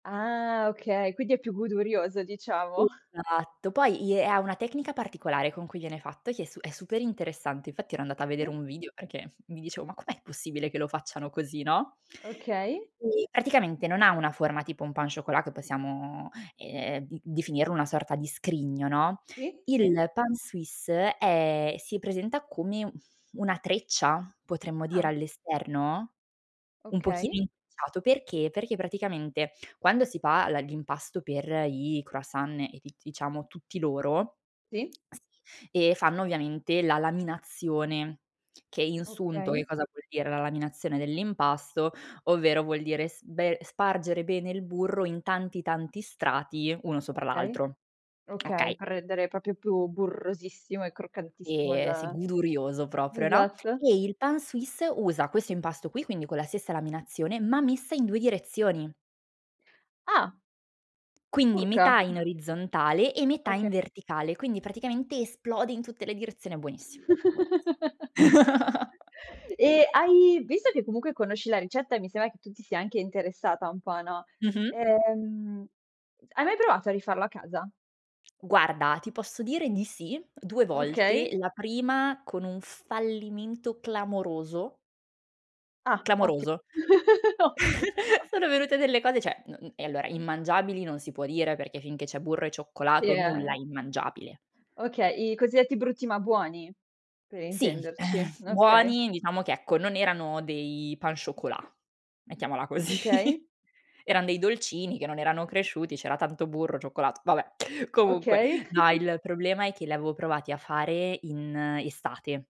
Ah, okay. Quindi, è più godurioso diciamo. Esatto. Poi, i è ha una tecnica particolare con cui viene fatto che è su è super interessante, infatti ero andata a vedere Sì? un video perché mi dicevo: "Ma com'è possibile che lo facciano così." no? Okay. Eh, praticamente non ha una forma tipo un pain au chocolat che possiamo, ehm, d definirlo una sorta di scrigno, no? Sì, sì. Il pain suisse è si presenta come, mhmm, una treccia, potremmo dire Ah. all'esterno? Un Okay. pochino intrecciato. Perché? Perché praticamente quando si pa la l'impasto per i croissant e d diciamo tutti loro Sì. Sì. E fanno ovviamente la laminazione, che in sunto, che Okay. cosa vuol dire la laminazione dell'impasto? Ovvero vuol dire sbe spargere bene il burro in tanti tanti strati uno sopra Okay. l'altro. Okay, Okay. per rendere proprio più burrosissimo e croccantissimo E sei il godurioso proprio, no? Esatto. E, il pain suisse usa questo impasto qui, quindi con la stessa laminazione, ma messa in 2 direzioni. Ah! Quindi Urca. metà in orizzontale, e metà in Oka verticale, quindi praticamente esplode in tutte le direzioni, buonissimo. Buonissi Eh, hai visto che comunque conosci la ricetta, e mi sembra che tu ti sia anche interessata un po', no, Mh-mh. ehm, c hai mai provato a rifarlo a casa? Guarda, ti posso dire di sì. 2 volte. Okay. La prima con un fallimento clamoroso. Ah, otti Clamoroso. ottimo. Sono venute delle cose, cioè, non eh, allora immangiabili non si può dire perché finché c'è burro e Sì, cioccolato, nulla è eh?! immangiabile. Okay, i cosiddetti brutti ma buoni per Sì. Uhm, intenderci, okay. buoni diciamo che, ecco, non erano dei pain chocolat, mettiamola così. Okay. Erano dei dolcini che non erano cresciuti, c'era tanto burro, cioccolato, vabbè. Comunque Okay. no, il problema è che li avevo provati a fare in estate.